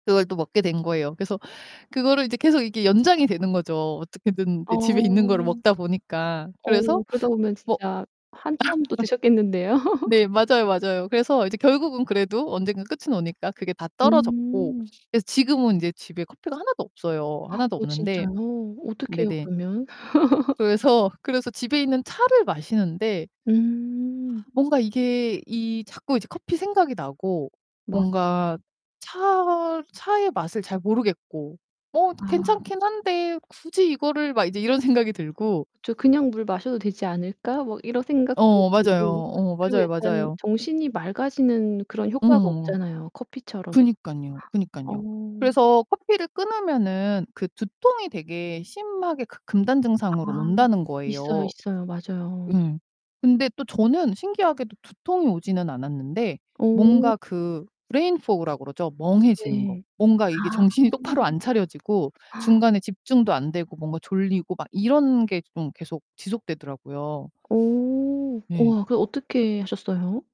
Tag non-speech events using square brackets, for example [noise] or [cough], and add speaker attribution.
Speaker 1: 그걸 또 먹게 된 거예요. 그래서 그거를 이제 계속 이렇게 연장이 되는 거죠. 어떻게든
Speaker 2: 어.
Speaker 1: 이제 집에 있는 거를 먹다 보니까. 그래서
Speaker 2: 어, 그러다 보면
Speaker 1: 뭐
Speaker 2: 진짜 한참 더 드셨겠는데요.
Speaker 1: [laughs]
Speaker 2: [laughs]
Speaker 1: 네, 맞아요, 맞아요. 그래서 이제 결국은 그래도 언젠가 끝은 오니까 그게 다 떨어졌고
Speaker 2: 음.
Speaker 1: 그래서 지금은 이제 집에 커피가 하나도 없어요.
Speaker 2: [gasps]
Speaker 1: 하나도
Speaker 2: 어
Speaker 1: 없는데
Speaker 2: 진짜요? 어떡해요
Speaker 1: 네네
Speaker 2: 그러면? [laughs]
Speaker 1: 그래서, 그래서 집에 있는 차를 마시는데 아
Speaker 2: 음.
Speaker 1: 뭔가 이게 이 자꾸 이제 커피 생각이 나고
Speaker 2: 맞아.
Speaker 1: 뭔가 차, 차의 맛을 잘 모르겠고 '뭐
Speaker 2: 아.
Speaker 1: 괜찮긴 한데 굳이 이거를' 막 이제 이런 생각이 들고
Speaker 2: '저 그냥 물 마셔도 되지 않을까?' 뭐 이런 생각도
Speaker 1: 어, 맞아요.
Speaker 2: 들고
Speaker 1: 어
Speaker 2: 그리고
Speaker 1: 맞아요,
Speaker 2: 약간
Speaker 1: 맞아요.
Speaker 2: 정신이 맑아지는 그런 효과가
Speaker 1: 음.
Speaker 2: 없잖아요 커피처럼.
Speaker 1: 그러니깐요,
Speaker 2: [gasps] 어.
Speaker 1: 그니깐요. 그래서 커피를 끊으면은 그 두통이 되게 심하게 그 금단 증상으로
Speaker 2: 아
Speaker 1: 온다는
Speaker 2: 있어요,
Speaker 1: 거예요.
Speaker 2: 있어요. 맞아요.
Speaker 1: 음. 근데 또 저는 신기하게도 두통이 오지는 않았는데
Speaker 2: 어.
Speaker 1: 뭔가 그 브레인 포그라고 그러죠? 멍해지는 거.
Speaker 2: 네.
Speaker 1: 뭔가 이게
Speaker 2: 아.
Speaker 1: 정신이 똑바로 안 차려지고
Speaker 2: [gasps]
Speaker 1: 중간에 집중도 안 되고 뭔가 졸리고 막 이런 게 좀 계속 지속되더라고요.
Speaker 2: 어
Speaker 1: 예.
Speaker 2: 우와 그럼 어떻게 하셨어요?